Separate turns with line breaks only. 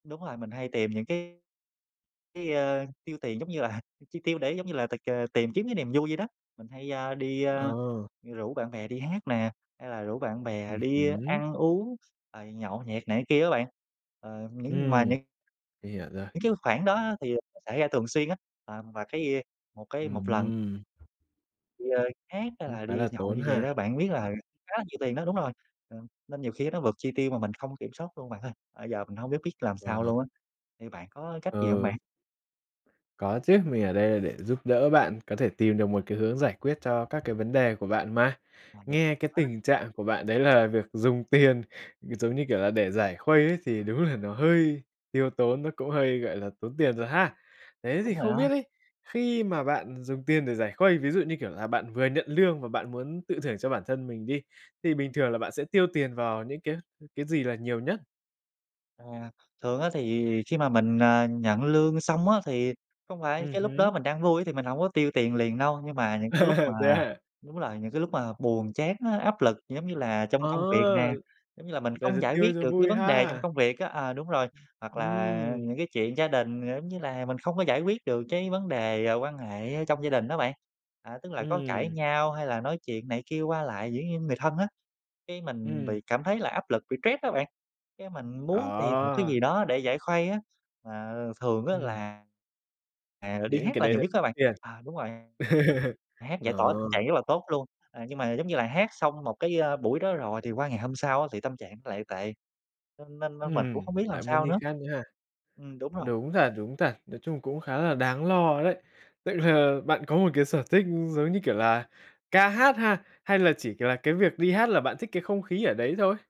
Đúng rồi, mình hay tìm những cái cái, ơ, tiêu tiền giống như là chi tiêu để giống như là tịch, à, tìm kiếm cái niềm vui vậy đó. Mình hay, a, đi, a,
Ờ.
rủ bạn bè đi hát nè, hay là rủ bạn bè
Ừm
đi
hứm.
ăn uống, rồi nhậu nhẹt này cái kia á bạn. Ờ, những mà
Ừm,
những
mình hiểu rồi.
những cái khoản đó thì, à, xảy ra thường xuyên á, ờ, và cái một cái một lần.
Ừm.
[unintelligible] Hát hay
Cũng
là
khá
đi
là
nhậu
tốn
như vậy
ha.
đó, bạn biết là khá là nhiều tiền đó đúng rồi, ờ, nên nhiều khi á nó vượt chi tiêu mà mình không kiểm soát luôn bạn ơi. Ơ, giờ mình hông biết biết làm
Ờ.
sao luôn á, thì bạn có cách gì hông bạn?
Ừ. Có chứ, mình ở đây là để giúp đỡ bạn có thể tìm được một cái hướng giải quyết cho các cái vấn đề của bạn mà. Nghe cái
[unintelligible]
tình trạng của bạn đấy là việc dùng tiền, ừ, giống như kiểu là, để giải khuây ấy thì đúng là nó hơi tiêu tốn, nó cũng hơi, gọi là, tốn tiền rồi ha. Thế thì
Đúng rồi
không
đó.
biết ấy, khi mà bạn dùng tiền để giải khuây, ví dụ, như kiểu là, bạn vừa nhận lương và bạn muốn tự thưởng cho bản thân mình đi, thì bình thường là bạn sẽ tiêu tiền vào những cái cái gì là nhiều nhất?
À, thường á thì khi mà mình, à, nhận lương xong á thì không phải
Ừm
cái lúc
hứm.
đó mình đang vui á thì mình hổng có tiêu tiền liền đâu, nhưng mà những cái lúc
Thế
mà
hả?
đúng rồi, những cái lúc mà buồn chán á, áp lực, giống như là trong công việc
Ờ!
nè, giống như là mình
Là
không
giờ
giải quyết
tiêu cho
được cái
vui
vấn đề trong
ha?
công việc á à, đúng rồi. Hoặc là
Ừm.
những cái chuyện gia đình, ờ, giống như là, mình không có giải quyết được cái vấn đề, à, quan hệ ở trong gia đình á bạn. À, tức là có cãi
Ừm.
nhau, hay là nói chuyện này kia qua lại, dĩ nhiên người thân á, cái, mình
Ừm.
bị cảm thấy là áp lực, bị stress á bạn, cái, mình muốn tìm một cái
Ờ.
gì đó để giải khuây á, mà thường á
Ừm.
là, à, là đi
Những cái
hát là
đấy
nhiều nhất đó bạn
tiền.
à, đúng rồi. Hát giải tỏa
Ờ.
tâm trạng rất là tốt luôn, à, nhưng mà giống như là hát xong một cái, a, buổi đó rồi thì qua ngày hôm sau á thì tâm trạng nó lại tệ, nên nên nên mình cũng
Ừm,
không biết làm
lại muốn
sao
đi
nữa
khác nữa ha.
ừm, đúng rồi.
Đúng thật, đúng thật, nói chung cũng khá là đáng lo đấy. Tức là bạn có một cái sở thích, giống như kiểu, là ca hát ha, hay là chỉ, kiểu là, cái việc đi hát là bạn thích cái không khí ở đấy thôi?